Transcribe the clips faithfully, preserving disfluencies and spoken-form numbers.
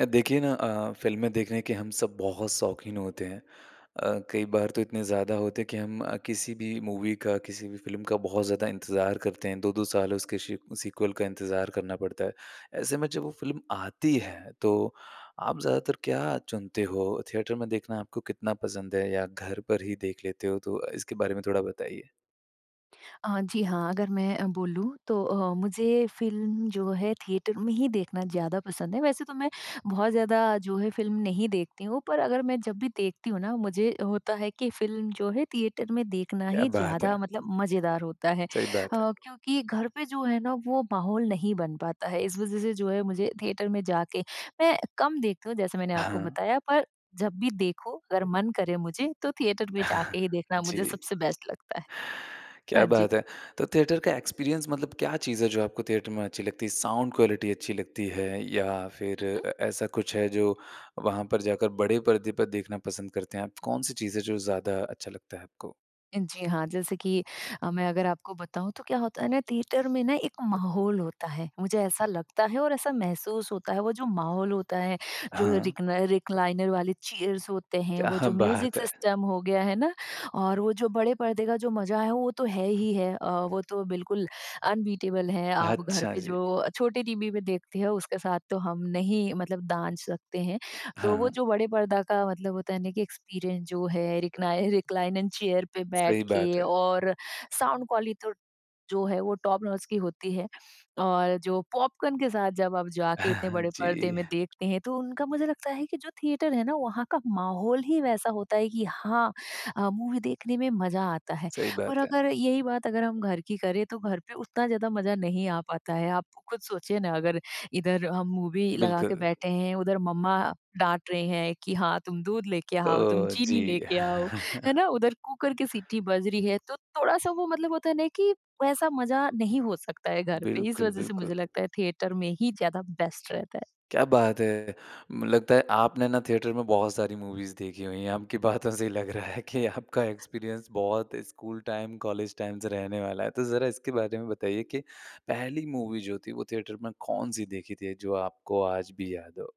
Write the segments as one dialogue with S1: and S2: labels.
S1: अ, देखिए ना अ, फ़िल्में देखने के हम सब बहुत शौकीन होते हैं अ, कई बार तो इतने ज़्यादा होते हैं कि हम अ, किसी भी मूवी का, किसी भी फ़िल्म का बहुत ज़्यादा इंतज़ार करते हैं। दो दो साल उसके सी सीक्वल का इंतज़ार करना पड़ता है। ऐसे में जब वो फ़िल्म आती है, तो आप ज़्यादातर क्या चुनते हो? थिएटर में देखना आपको कितना पसंद है या घर पर ही देख लेते हो? तो अ, इसके बारे में थोड़ा बताइए।
S2: अ, जी हाँ, अगर मैं अ, बोलूँ तो अ, मुझे फ़िल्म जो है, थिएटर में ही देखना ज़्यादा पसंद है, वैसे तो मैं बहुत ज़्यादा जो है फ़िल्म नहीं देखती हूँ पर अगर मैं जब भी देखती हुँ ना, मुझे होता है कि फ़िल्म जो है थिएटर में देखना
S1: क्या
S2: ही
S1: बात
S2: ज़्यादा
S1: है!
S2: मतलब मज़ेदार होता है। अ,
S1: सही बात है।
S2: क्योंकि घर पे जो है ना, वो माहौल नहीं बन पाता है, इस वजह से जो है मुझे थिएटर में जाके मैं कम देखती हूँ, जैसे मैंने आपको
S1: हाँ।
S2: बताया पर जब भी देखो, अगर मन करें मुझे, तो थिएटर में जाके ही देखना मुझे
S1: जी।
S2: सबसे बेस्ट लगता है।
S1: क्या
S2: हाँ जी।
S1: बात है। तो थिएटर का एक्सपीरियंस मतलब क्या चीज़ है, जो आपको थिएटर में अच्छी लगती है? साउंड क्वालिटी अच्छी लगती है या फिर
S2: हुँ, हुँ।
S1: अ, ऐसा कुछ है जो वहाँ पर जाकर बड़े पर्दे पर देखना पसंद करते हैं आप? कौन-सी चीज़ है जो ज़्यादा अच्छा लगता है आपको?
S2: जी हाँ, जैसे कि अ, मैं अगर आपको बताऊँ तो क्या होता है ना, थिएटर में ना एक माहौल होता है, मुझे ऐसा लगता है और ऐसा महसूस होता है, वो जो माहौल होता है, जो
S1: हाँ।
S2: रिक्न रिक्लाइनर वाली चेयर्स होते हैं, वो
S1: क्या
S2: जो म्यूज़िक
S1: बात है!
S2: सिस्टम हो गया है ना? और वो जो बड़े पर्दे का जो मज़ा है, वो तो है ही है। अ, वो तो बिल्कुल अनबीटेबल है, आप घर
S1: अच्छा,
S2: पे जो
S1: जी।
S2: छोटे टीवी पे देखते हो, उसके साथ तो हम नहीं मतलब दांज सकते हैं, तो वो
S1: हाँ।
S2: जो बड़े पर्दा का मतलब होता है ना कि एक्सपीरियंस जो है, रिक्नाइ रिक्लाइनर चेयर पे बैठ
S1: सही बात
S2: के
S1: है।
S2: और साउंड क्वाली तो जो है, वो टॉप नॉच की होती है। और जो पॉपकॉर्न के साथ जब आप जाके इतने बड़े पर्दे
S1: जी।
S2: में देखते हैं, तो उनका मुझे लगता है कि जो थिएटर है ना, वहाँ का माहौल ही वैसा होता है कि हाँ अ, मूवी देखने में मज़ा आता है
S1: सही
S2: और
S1: बात है।
S2: अगर यही बात अगर हम घर की करें, तो घर पे उतना ज़्यादा मज़ा नहीं आ पाता है। आप खुद सोचिए ना, अगर इधर हम मूवी लगा के
S1: बिल्कुल।
S2: बैठे हैं, उधर मम्मा डाँट रहे हैं कि, "हाँ, तुम दूध लेके आओ। तुम
S1: तो
S2: चीनी
S1: जी।
S2: लेके आओ।" है ना? उधर कुकर की सीटी बज रही है तो थोड़ा-सा वो मतलब होता है ना, कि वैसा मज़ा नहीं हो सकता है घर पे। इस
S1: बिल्कुल,
S2: वजह से
S1: बिल्कुल।
S2: मुझे लगता है थिएटर में ही ज़्यादा बेस्ट रहता है।
S1: क्या बात है! म लगता है आपने ना थिएटर में बहुत सारी मूवीज़ देखी हुई हैं, आपकी बातों से ही लग रहा है कि आपका एक्सपीरियंस बहुत स्कूल टाइम, कॉलेज टाइम से रहने वाला है। तो ज़रा इसके बारे में बताइए कि पहली मूवी जो थी, वो थिएटर में कौन-सी देखी थी जो आपको आज भी याद हो?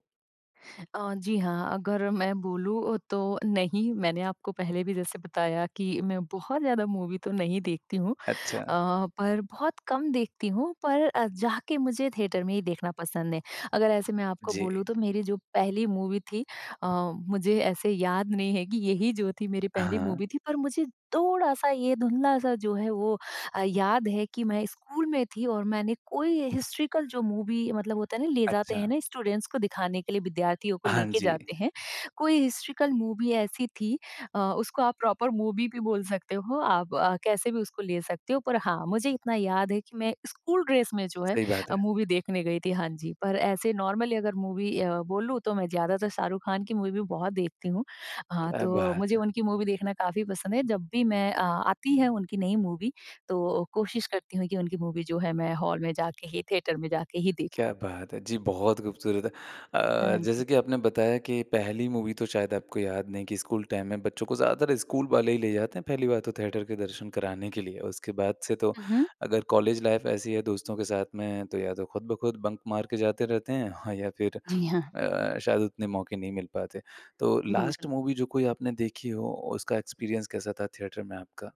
S2: अ, जी हाँ, अगर मैं बोलूँ तो नहीं मैंने आपको पहले भी जैसे बताया कि मैं बहुत ज़्यादा मूवी तो नहीं देखती हूँ
S1: अच्छा।
S2: अ, पर बहुत कम देखती हूँ, पर अ, जाके मुझे थिएटर में ही देखना पसंद है। अगर ऐसे मैं आपको
S1: जी।
S2: बोलूँ तो मेरी जो पहली मूवी थी अ, मुझे ऐसे याद नहीं है कि यही जो थी मेरी पहली
S1: हाँ।
S2: मूवी थी पर मुझे थोड़ा-सा ये धुंधला-सा जो है वो अ, याद है कि मैं स्कूल में थी और मैंने कोई हिस्टॉरिकल जो मूवी मतलब होता है ना ले जाते हैं
S1: अच्छा।
S2: ना स्टूडेंट्स को दिखाने के लिए, विद्यार्थियों को
S1: हाँ
S2: लेके
S1: जी।
S2: जाते हैं। कोई हिस्टॉरिकल मूवी ऐसी थी अ, उसको आप प्रॉपर मूवी भी बोल सकते हो, आप अ, कैसे भी उसको ले सकते हो। पर हाँ, मुझे इतना याद है कि मैं स्कूल ड्रेस में जो है
S1: सही बात
S2: अ,
S1: है।
S2: मूवी देखने गई थी, हाँ जी। पर ऐसे नॉर्मली अगर मूवी अ, बोलूँ तो मैं ज़्यादातर शाहरुख खान की मूवी बहुत देखती हूँ। हाँ,
S1: क्या
S2: तो
S1: बात
S2: मुझे
S1: है।
S2: उनकी मूवी देखना काफ़ी पसंद है। जब भी मैं अ, आती है उनकी नई मूवी तो कोशिश करती हूँ कि उनकी मूवी जो है, मैं हॉल में जाके ही थिएटर में जाके ही देखूँ।
S1: क्या बात है! जी बहुत खूबसूरत है। अ,
S2: हाँ
S1: जैसे
S2: जी।
S1: कि आपने बताया कि पहली मूवी तो शायद आपको याद नहीं कि स्कूल टाइम में बच्चों को ज़्यादातर स्कूल वाले ही ले जाते हैं, पहली बार तो थिएटर के दर्शन कराने के लिए। उसके बाद से तो
S2: हुँ, हुँ।
S1: अगर कॉलेज लाइफ़ ऐसी है दोस्तों के साथ में तो या तो खुद ब खुद बंक मार के जाते रहते हैं या फिर
S2: जी, हाँ।
S1: अ, शायद उतने मौके नहीं मिल पाते हैं। तो लास्ट
S2: बिल्कुल।
S1: मूवी जो कोई आपने देखी हो उसका एक्सपीरियंस कैसा था थिएटर में आपका?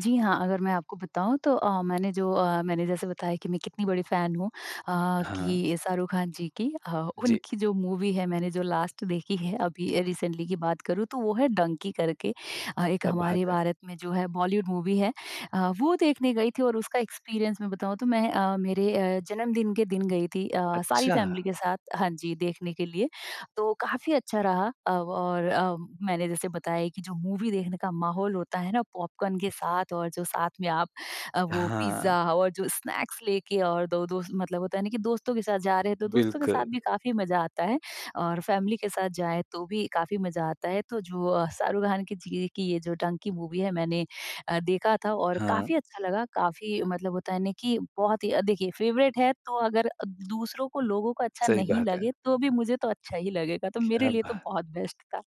S2: जी हाँ, अगर मैं आपको बताऊँ तो अ, मैंने जो अ, मैंने जैसे बताया कि मैं कितनी बड़ी फैन हूँ अ,
S1: हाँ।
S2: कि शाहरुख खान जी की। अ,
S1: जी।
S2: उनकी जो मूवी है मैंने जो लास्ट देखी है अभी रिसेंटली की बात करूँ तो वो है डंकी करके। अ, एक
S1: क्या
S2: हमारे
S1: बात है।
S2: भारत में जो है बॉलीवुड मूवी है अ, वो देखने गई थी और उसका एक्सपीरियंस मैं बताऊँ तो मैं अ, मेरे अ, जन्मदिन के दिन गई थी अ, सारी फैमिली
S1: अच्छा।
S2: के साथ हाँ जी, देखने के लिए। तो काफ़ी अच्छा रहा अव और अ, मैंने जैसे बताया कि जो मूवी देखने का माहौल होता है ना पॉपकॉर्न के साथ और जो साथ में आप अ, वो पिज़्ज़ा
S1: हाँ।
S2: और जो स्नैक्स लेके और दो दोस्त मतलब होता है ना कि दोस्तों के साथ जा रहे हैं तो दोस्तों के साथ
S1: बिल्कुल।
S2: भी काफ़ी मजा आता है और फैमिली के साथ जाएँ तो भी काफ़ी मजा आता है। तो जो अ, शाहरुख खान की जी ये की ये जो डंकी मूवी है मैंने अ, देखा था और
S1: हाँ।
S2: काफ़ी अच्छा लगा। काफ़ी मतलब होता है ना कि बहुत ही अ, देखिए फ़ेवरेट है तो अगर अ, दूसरों को, लोगों को अच्छा
S1: सही
S2: नहीं
S1: बात
S2: लगे
S1: है।
S2: तो भी मुझे तो अच्छा ही लगेगा। तो मेरे
S1: क्या
S2: लिए तो
S1: बात!
S2: बहुत बेस्ट था।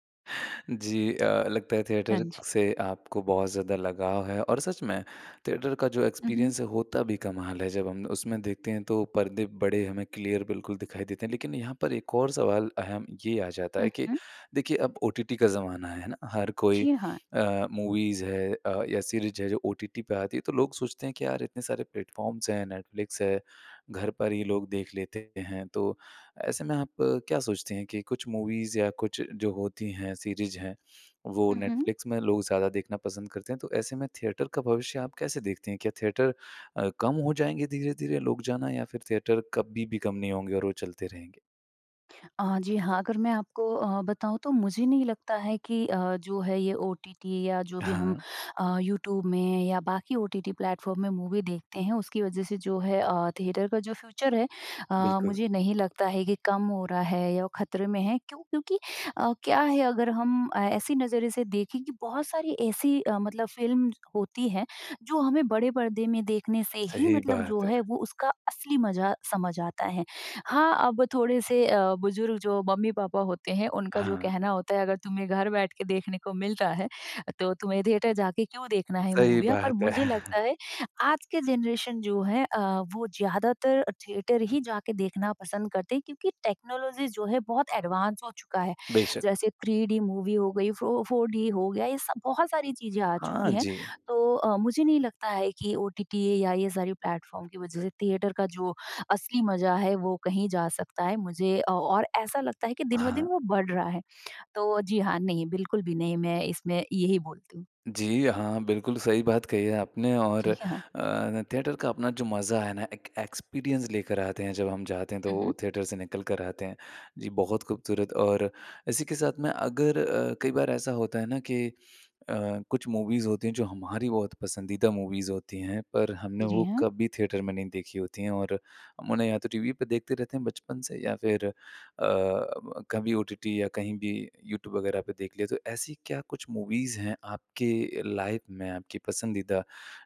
S1: जी अ, लगता है
S2: हाँ
S1: थिएटर
S2: जी।
S1: से आपको बहुत ज़्यादा लगाव है। और सच में थिएटर का जो
S2: हुँ, हुँ।
S1: एक्सपीरियंस है होता भी कमाल है जब हम उसमें देखते हैं तो पर्दे बड़े हमें क्लियर बिल्कुल दिखाई देते हैं। लेकिन यहाँ पर एक और सवाल अहम ये आ जाता
S2: हुँ,
S1: है कि
S2: हुँ।
S1: देखिए, अब ओटीटी का ज़माना है ना हर कोई
S2: जी, हाँ।
S1: अ, मूवीज़ है अ, या सीरीज़ है जो ओटीटी पे आती है तो लोग सोचते हैं कि यार इतने सारे प्लेटफ़ॉर्म्स है नेटफ्लिक्स है, घर पर ही लोग देख लेते हैं तो ऐसे में आप क्या सोचती हैं कि कुछ मूवीज़ या कुछ जो होती हैं सीरीज़ हैं वो
S2: हुँ, हुँ।
S1: नेटफ्लिक्स में लोग ज़्यादा देखना पसंद करते हैं, तो ऐसे में थिएटर का भविष्य आप कैसे देखती हैं? क्या थिएटर अ, कम हो जाएँगे धीरे-धीरे लोग जाना या फिर थिएटर कभी भी कम नहीं होंगे और वो चलते रहेंगे?
S2: अ, जी हाँ, अगर मैं आपको अ, बताऊँ तो मुझे नहीं लगता है कि अ, जो है ये ओटीटी या जो भी हम
S1: हाँ।
S2: अ, यूट्यूब में या बाकी ओटीटी प्लेटफ़ॉर्म में मूवी देखते हैं उसकी वज़ह से जो है, अ, थिएटर का जो फ़्यूचर है, अ,
S1: बिल्कुल।
S2: मुझे नहीं लगता है कि कम हो रहा है या वो ख़तरे में है क्यों? क्योंकि अ, क्या है अगर हम ए ऐसे नज़रिए से देखें कि बहुत सारी ऐसी अ, मतलब फ़िल्म होती हैं, जो हमें बड़े परदे में देखने से ही,
S1: सही
S2: मतलब जो
S1: बात है।
S2: है, वो उसका असली मज़ा समझ आता है। हाँ, अब थोड़े से अ, बुज़ुर्ग जो मम्मी-पापा होते हैं, उनका जो
S1: हाँ।
S2: कहना होता अगर तुम्हें घर बैठ के देखने को मिल रहा है, तो तुम्हें थिएटर जाके क्यों देखना है
S1: सही
S2: मूवीया? पर
S1: बात है।
S2: मुझे लगता है, आज के जनरेशन जो है अ, वो ज़्यादातर अ, थिएटर ही जाके देखना पसंद करते हैं क्योंकि टेक्नोलॉजीज़ जो है बहुत एडवांस हो चुका है।
S1: बेशक।
S2: जैसे 3डी मूवी हो गई फ़ो 4डी हो गया ये सब बहुत सारी चीज़ें आ चुकी
S1: हाँ
S2: हैं।
S1: जी।
S2: तो अ, मुझे नहीं लगता है कि ओटीटी या ये सारे प्लेटफ़ॉर्म की वजह से थिएटर का जो असली मज़ा है, वो कहीं जा सकता है। मुझे अ और ऐसा लगता है कि दिन-ब-दिन
S1: हाँ।
S2: वो बढ़ रहा है। तो जी हाँ, नहीं बिल्कुल भी नहीं मैं इसमें यही बोलती हूँ।
S1: जी हाँ, बिल्कुल सही बात कही है आपने, और
S2: जी, ह हाँ।
S1: अ, थिएटर का अपना जो मज़ा है ना, एक एक्सपीरियंस लेकर आते हैं। जब हम जाते हैं, तो वो
S2: उहुँ।
S1: थिएटर से निकलकर आते हैं। जी बहुत ख़ूबसूरत और इसी के साथ में अगर अ, कई बार ऐसा होता है ना, कि अ, कुछ मूवीज़ होती हैं जो हमारी बहुत पसंदीदा मूवीज़ होती हैं, पर हमने
S2: जी,
S1: वो
S2: हाँ।
S1: कभी थिएटर में नहीं देखी होती हैं, और हम उन्हें या तो टीवी पर देखते रहते हैं बचपन से या फिर अ, ब कभी ओटीटी या कहीं भी, यूट्यूब वगैरह पे देख लिया। तो ऐसी क्या कुछ मूवीज़ हैं आपके लाइफ़ में आपकी पसंदीदा,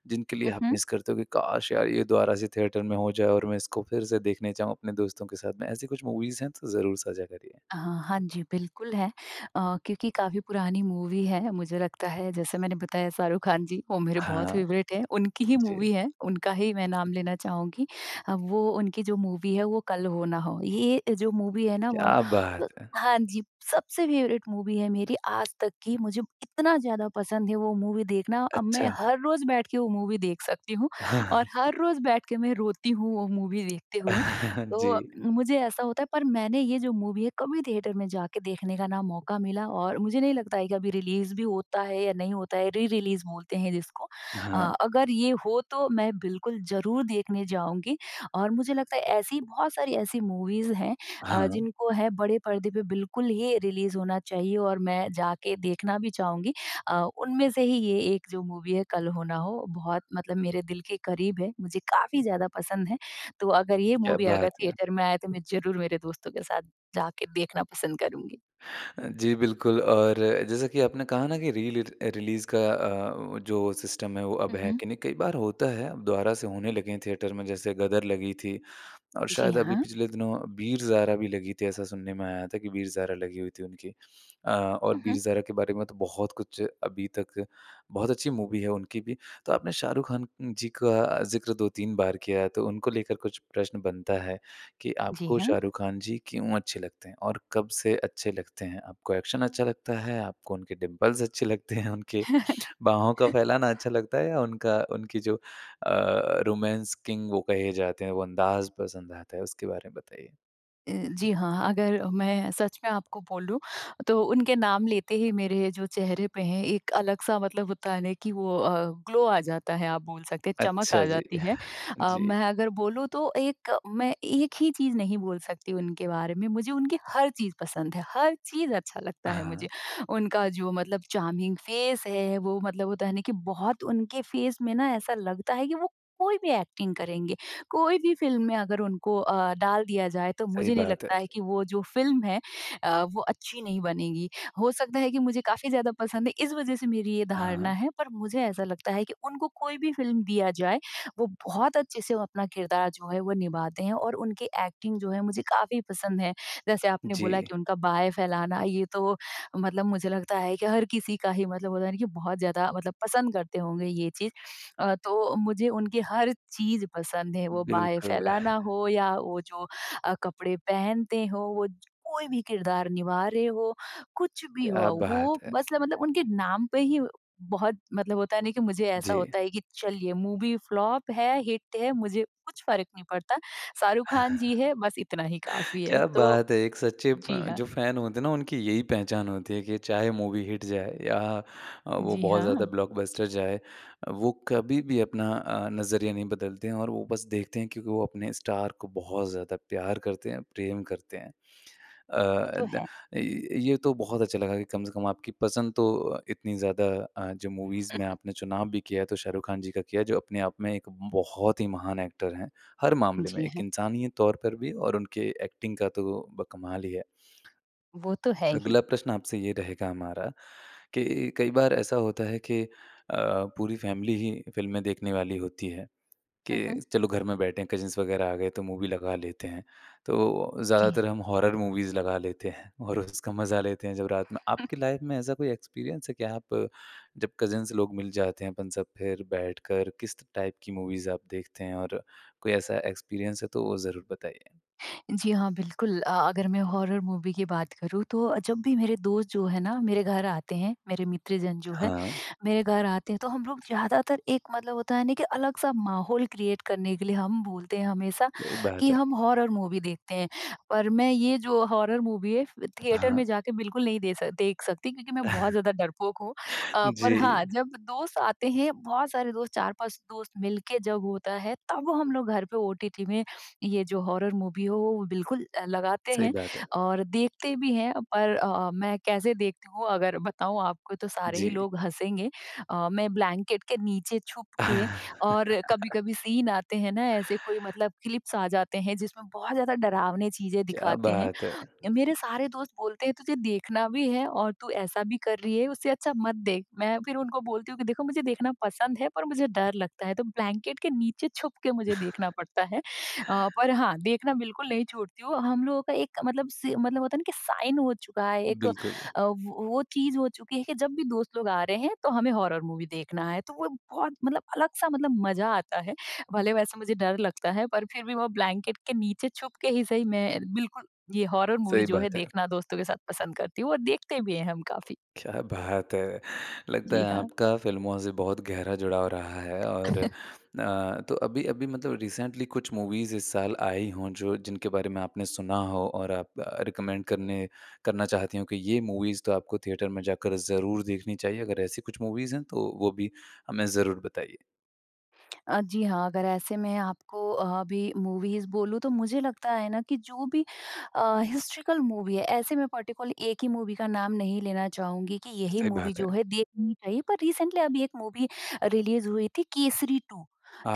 S1: जिनके लिए आप
S2: उहुँ।
S1: मिस करते हो कि काश! यार ये दोबारा से थिएटर में हो जाए और मैं इसको फिर से देखना जाऊँ अपने दोस्तों के साथ में? ऐसी कुछ मूवीज़ हैं? तो ज़रूर साझा करिए।
S2: अहा! हाँ जी, बिल्कुल है। अ, क्योंकि काफ़ी पुरानी मूवी है, मुझे लगता है जैसे मैंने बताया शाहरुख खान जी, वो मेरे बहुत
S1: हाँ
S2: फ़ेवरेट हैं। उनकी ही
S1: जी।
S2: मूवी है। उनका ही मैं नाम लेना चाहूँगी। अब वो, उनकी जो मूवी है वो कल हो ना हो। ये, अ, जो मूवी है ना व
S1: क्या बात
S2: अ,
S1: है!
S2: हाँ जी। सबसे फ़ेवरेट मूवी है मेरी आज तक की, मुझे इतना ज़्यादा पसंद है वो मूवी देखना। अब मैं
S1: अच्छा।
S2: हर रोज़ बैठ के वो मूवी देख सकती हूँ, और हर रोज़ बैठ के मैं रोती हूँ, वो मूवी देखते हुए। तो
S1: जी।
S2: अ, मुझे ऐसा होता है, पर मैंने ये जो मूवी है कभी थिएटर में जाके देखने का ना मौका मिला और मुझे नहीं लगता है कि अभी रिलीज़ भी होता है, या नहीं होता है? री-रिलीज़ बोलते हैं जिसको।
S1: हाँ।
S2: अ अगर ये हो तो मैं बिल्कुल ज़रूर देखने जाऊँगी, और मुझे लगता ऐसी, बहुत सारी ऐसी मूवीज़ हैं अ,
S1: हाँ।
S2: जिनको है बड़े पर्दे पे बिल्कुल ही रिलीज़ होना चाहिए, और मैं जाकर देखना भी चाहूँगी। अ, उनमें से ही ये एक जो मूवी है कल हो ना हो, बहुत मतलब मेरे दिल के क़रीब है। मुझे काफ़ी ज़्यादा पसंद है। तो अगर ये
S1: क्या
S2: मूवी
S1: बात
S2: अगर
S1: है!
S2: थिएटर में आए तो मैं ज़रूर मेरे दोस्तों के साथ जाके देखना पसंद करूँगी।
S1: जी बिल्कुल और जैसा कि आपने कहा ना कि रीलिर अ, रिलीज़ का अ, जो सिस्टम है वो अब है
S2: उहुँ।
S1: कि नहीं? कई बार होता है। दोबारा से होने लगे हैं थिएटर में, जैसे ग़दर लगी थी। और
S2: जी,
S1: शायद अभी
S2: हाँ।
S1: पिछले दिनों वीर-ज़ारा भी लगी थी, ऐसा सुनने में आया था कि वीर-ज़ारा लगी हुई थी उनकी। अ, और
S2: उहुँ।
S1: वीर-ज़ारा के बारे में तो बहुत कुछ अभी तक बहुत अच्छी मूवी है उनकी भी। तो आपने शाहरुख खान नं जी का, ज़िक्र दो तीन बार किया है, तो उनको लेकर कुछ प्रश्न बनता है, कि
S2: जी,
S1: आपको
S2: हाँ।
S1: शाहरुख खान जी क्यों अच्छे लगते हैं? और कब से अच्छे लगते हैं? आपको एक्शन अच्छा लगता है? आपको उनके डिंपल्स अच्छे लगते हैं? उनके बाहों का फैलाना अच्छा लगता है या उनका उनकी जो अ, रोमांस किंग वो कहे जाते हैं वो अंदाज़ पसंद आता है? उसके बारे में बताइए।
S2: ए, जी हाँ। अगर अ, मैं सच में आपको बोलूँ, तो उनके नाम लेते ही मेरे जो चेहरे पे है एक अलग-सा मतलब होता है ना, कि वो अ, ग्लो आ जाता है, आप बोल सकते चमक आ
S1: अच्छा जी।
S2: जाती है। अ,
S1: जी।
S2: मैं अगर बोलूँ तो एक मैं एक ही चीज़ नहीं बोल सकती उनके बारे में। मुझे उनकी हर चीज़ पसंद है। हर चीज़ अच्छा लगता है मुझे।
S1: हाँ।
S2: उनका जो मतलब चार्मिंग फ़ेस है, वो मतलब होता है ना कि बहुत उनके फ़ेस में ना ऐसा लगता है कि वो कोई भी एक्टिंग करेंगे। कोई भी फ़िल्म में अगर उनको अ, डाल दिया जाए, तो
S1: सही
S2: मुझे नहीं
S1: बात है।
S2: लगता है कि वो जो फ़िल्म है अ, वो अच्छी नहीं बनेगी। हो सकता है कि मुझे काफ़ी ज़्यादा पसंद है इस वज़ह से मेरी ये धारणा
S1: हाँ।
S2: है, पर मुझे ऐसा लगता है कि उनको कोई भी फ़िल्म दिया जाए वो बहुत अच्छे से अपना किरदार जो है वो निभाते हैं, और उनकी एक्टिंग जो है मुझे काफ़ी पसंद है। जैसे आपने बोला
S1: जी।
S2: कि उनका बाहें फैलाना, ये तो मतलब मुझे लगता है कि हर किसी का ही मतलब होता है ना कि बहुत ज़्यादा मतलब पसंद करते होंगे ये चीज़। अ, तो मुझे उनकी हर चीज़ पसंद है। वो बाहें
S1: बिल्कुल।
S2: फैलाना हो या वो जो अ, कपड़े पहनते हो, वो ज कोई भी किरदार निभा रहे हो, कुछ भी हो
S1: क्या बात
S2: वो
S1: है।
S2: बस ल मतलब उनके नाम पे ही बहुत मतलब होता नहीं कि मुझे ऐसा
S1: जी।
S2: होता है कि, चलिए मूवी फ्लॉप है, हिट है, मुझे कुछ फ़र्क नहीं पड़ता। शाहरुख खान जी है बस इतना ही काफ़ी है।
S1: क्या
S2: तो,
S1: बात है! एक सच्चे
S2: जी
S1: अ,
S2: हाँ।
S1: जो फैन होते हैं उनकी यही पहचान होती है कि चाहे मूवी हिट जाए या अ, वो
S2: जी,
S1: बहुत ज़्यादा
S2: हाँ।
S1: ब्लॉकबस्टर जाए, वो कभी भी अपना अ, नज़रिया नहीं बदलते हैं। और वो बस देखते हैं क्योंकि वो अपने स्टार को बहुत ज़्यादा प्यार करते हैं, प्रेम करते हैं। अ,
S2: वो तो
S1: द
S2: है।
S1: अ, ये तो बहुत अच्छा लगा कि कम से कम आपकी पसंद तो इतनी ज़्यादा अ, जो मूवीज़ में आपने चुनाव भी किया तो शाहरुख खान जी का किया, जो अपने आप में एक बहुत ही महान एक्टर हैं। हर मामले में,
S2: जी,
S1: एक
S2: हैं।
S1: इंसानियत तौर पर भी और उनके एक्टिंग का तो ब कमाल ही है।
S2: वो तो है ही।
S1: अगला प्रश्न आपसे ये रहेगा हमारा, कि कई बार ऐसा होता है कि, अ, पूरी फैमिली ही फ़िल्में देखने वाली होती है। कि
S2: हुँ, हुँ।
S1: चलो घर में बैठे हैं कज़िन्स वगैरह आ गए तो मूवी लगा लेते हैं। तो
S2: जी,
S1: ज़्यादातर
S2: हाँ।
S1: हम हॉरर मूवीज़ लगा लेते हैं, और उसका मजा लेते हैं। जो रात में आपकी लाइफ़ में ऐसा कोई एक्सपीरियंस है? कि आप जब कज़िन्स लोग मिल जाते हैं, अपन सब फिर बैठकर किस त टाइप की मूवीज़ आप देखते हैं? और कोई ऐसा एक्सपीरियंस है तो वो ज़रूर बताइए।
S2: जी हाँ, बिल्कुल। अ, अगर मैं हॉरर मूवी की बात करूँ तो अ, जब भी मेरे दोस्त जो है ना मेरे घर आते हैं, मेरे मित्र जन जो है,
S1: हाँ।
S2: मेरे घर आते हैं, तो हम लोग ज़्यादातर एक मतलब होता है ना कि अलग-सा माहौल क्रिएट करने के लिए हम बोलते हैं हमेशा,
S1: सही बात
S2: कि
S1: है।
S2: हम हॉरर मूवी देखते हैं। पर मैं ये जो हॉरर मूवी है फ़
S1: हाँ,
S2: थिएटर
S1: हाँ।
S2: में जाके बिल्कुल नहीं दे स देख सकती, क्योंकि मैं बहुत ज़्यादा डरपोक हूँ। अ, पर
S1: जी।
S2: हाँ जब दोस्त आते हैं, बहुत सारे दोस्त चार-पाँच दोस्त मिल के जब होता है तब हम लोग घर पे ओटीटी में, ये जो हॉरर मूवी हो वो बिल्कुल अ, लगाते
S1: सही
S2: हैं,
S1: बात है।
S2: और देखते भी हैं, पर अ अ, मैं कैसे देखती हूँ, अगर बताऊँ आपको तो सारे ही
S1: जी।
S2: लोग हँसेंगे। अ, मैं ब्लैंकेट के नीचे छुपके और कभी-कभी सीन आते हैं ना, ऐसे कोई मतलब क्लिप्स आ जाते हैं जिसमें बहुत ज़्यादा डरावने चीज़ें
S1: क्या
S2: दिखाते हैं।
S1: बात है!
S2: य मेरे सारे दोस्त बोलते हैं, तुझे देखना भी है और तू ऐसा भी कर रही है उससे अच्छा मत देख। मैं फिर उनको बोलती हूँ कि देखो मुझे देखना पसंद है पर मुझे डर लगता है, तो ब्लैंकेट के नीचे छुपकर मुझे देखना पड़ता है। अ, पर हाँ, देखना बिल्कुल नहीं छोड़ती हूँ। हम लोगों का एक मतलब से मतलब होता है ना कि साइन हो चुका है एक अ,
S1: बिल्कुल।
S2: वो वो चीज़ हो चुकी है कि जब भी दोस्त लोग आ रहे हैं, तो हमें हॉरर मूवी देखना है। तो वो बहुत मतलब अलग-सा मतलब मजा आता है। भले वैसा मुझे डर लगता है पर फिर भी वो ब्लैंकेट के नीचे छुपके ही सही मैं बिल्कुल ये हॉरर मूवी
S1: सही
S2: जो है
S1: बात है।
S2: देखना दोस्तों के साथ पसंद करती हूँ, और देखते भी हैं हम काफ़ी।
S1: क्या बात है! लगता
S2: जी,
S1: है
S2: हाँ।
S1: आपका फ़िल्मों से बहुत गहरा जुड़ाव रहा है और अ, तो अभी अभी मतलब रिसेंटली कुछ मूवीज़ इस साल आई हों जो जिनके बारे में आपने सुना हो और आप रिकमेंड करने करना चाहती हों कि ये मूवीज़ तो आपको थिएटर में जाकर ज़रूर देखनी चाहिए? अगर ऐसी कुछ मूवीज़ हैं तो वो भी हमें ज़रूर बताइए?
S2: अ, जी हाँ, अगर ऐसे में आपको अभी मूवीज़ बोलूँ, तो मुझे लगता है ना कि जो भी अ, हिस्टोरिकल मूवी है, ऐसे मैं पर्टिकुलर एक ही मूवी का नाम नहीं लेना चाहूँगी कि यही
S1: सही
S2: मूवी
S1: बात
S2: जो
S1: है।
S2: है, देखनी चाहिए। पर रीसेंटली अभी एक मूवी रिलीज़ हुई थी, केसरी टू।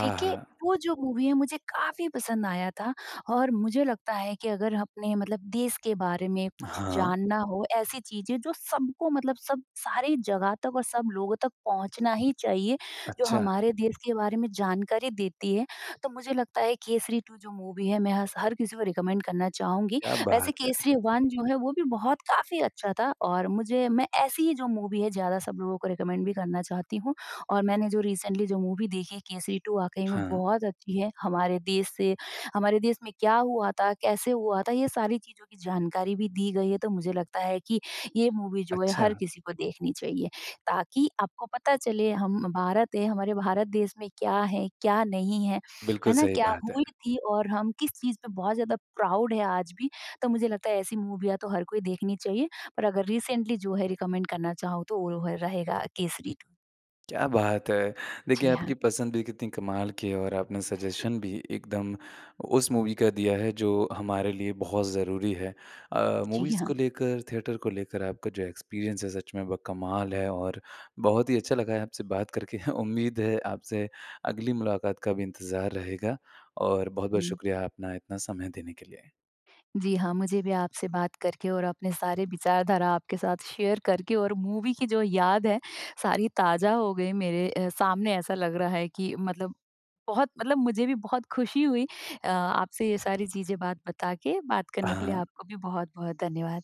S2: ठीक है? वो जो मूवी है, मुझे काफ़ी पसंद आया था और मुझे लगता है कि अगर अपने मतलब देश के बारे में कुछ
S1: हाँ।
S2: जानना हो, ऐसी चीज़ें जो सबको मतलब सब सारे जगह तक और सब लोगों तक पहुँचना ही चाहिए, जो
S1: अच्छा।
S2: हमारे देश के बारे में जानकारी देती है, तो मुझे लगता है, केसरी टू। जो मूवी है, मैं हस हर किसी को रिकमेंड करना चाहूँगी।
S1: क्या
S2: वैसे
S1: बात है!
S2: केसरी वन जो है, वो भी बहुत काफ़ी अच्छा था और मुझे मैं ऐसी ही जो मूवी है, ज़्यादा सब लोगों को रिकमेंड भी करना चाहती हूँ और मैंने जो रीसेंटली जो मूवी देखी, केसरी टू। वाक़ई में
S1: हाँ।
S2: बहुत अच्छी है। हमारे देश से हमारे देश में क्या हुआ था? कैसे हुआ था? ये सारी चीज़ों की जानकारी भी दी गई है, तो मुझे लगता है कि ये मूवी जो है, हर
S1: अच्छा।
S2: किसी को देखनी चाहिए, ताकि आपको पता चले, हम भारत हैं, हमारे भारत देश में क्या है, क्या नहीं है।
S1: बिल्कुल
S2: है ना?
S1: सही
S2: क्या
S1: बात है।
S2: हुई थी और हम किस चीज़ पे बहुत ज़्यादा प्राउड हैं आज भी, तो मुझे लगता है, ऐसी मूवियाँ तो हर कोई देखनी चाहिए, पर अगर रीसेंटली जो है रिकमेंड करना चाहूँ, तो वो रो रहेगा केसरी टू।
S1: क्या बात है! देखिए,
S2: जी हाँ।
S1: आपकी पसंद भी कितनी कमाल की है और आपने सजेशन भी एकदम उस मूवी का दिया है, जो हमारे लिए बहुत ज़रूरी है। अ,
S2: जी
S1: मूवीज़
S2: हाँ।
S1: को लेकर, थिएटर को लेकर आपका जो एक्सपीरियंस है, सच में वो कमाल है और बहुत ही अच्छा लगा है आपसे बात करके। उम्मीद है, आपसे अगली मुलाकात का भी इंतज़ार रहेगा और बहुत-बहुत
S2: हुँ।
S1: शुक्रिया अपना इतना समय देने के लिए।
S2: जी हाँ, मुझे भी आपसे बात करके और अपने सारे विचारधारा आपके साथ शेयर करके और मूवी की जो याद है, सारी ताज़ा हो गई। मेरे अ, सामने ऐसा लग रहा है कि मतलब बहुत मतलब मुझे भी बहुत खुशी हुई अ, आपसे ये सारी चीज़ें, बात बता के, बात करने के लिए
S1: हाँ।
S2: आपको भी बहुत-बहुत धन्यवाद।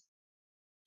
S1: शुक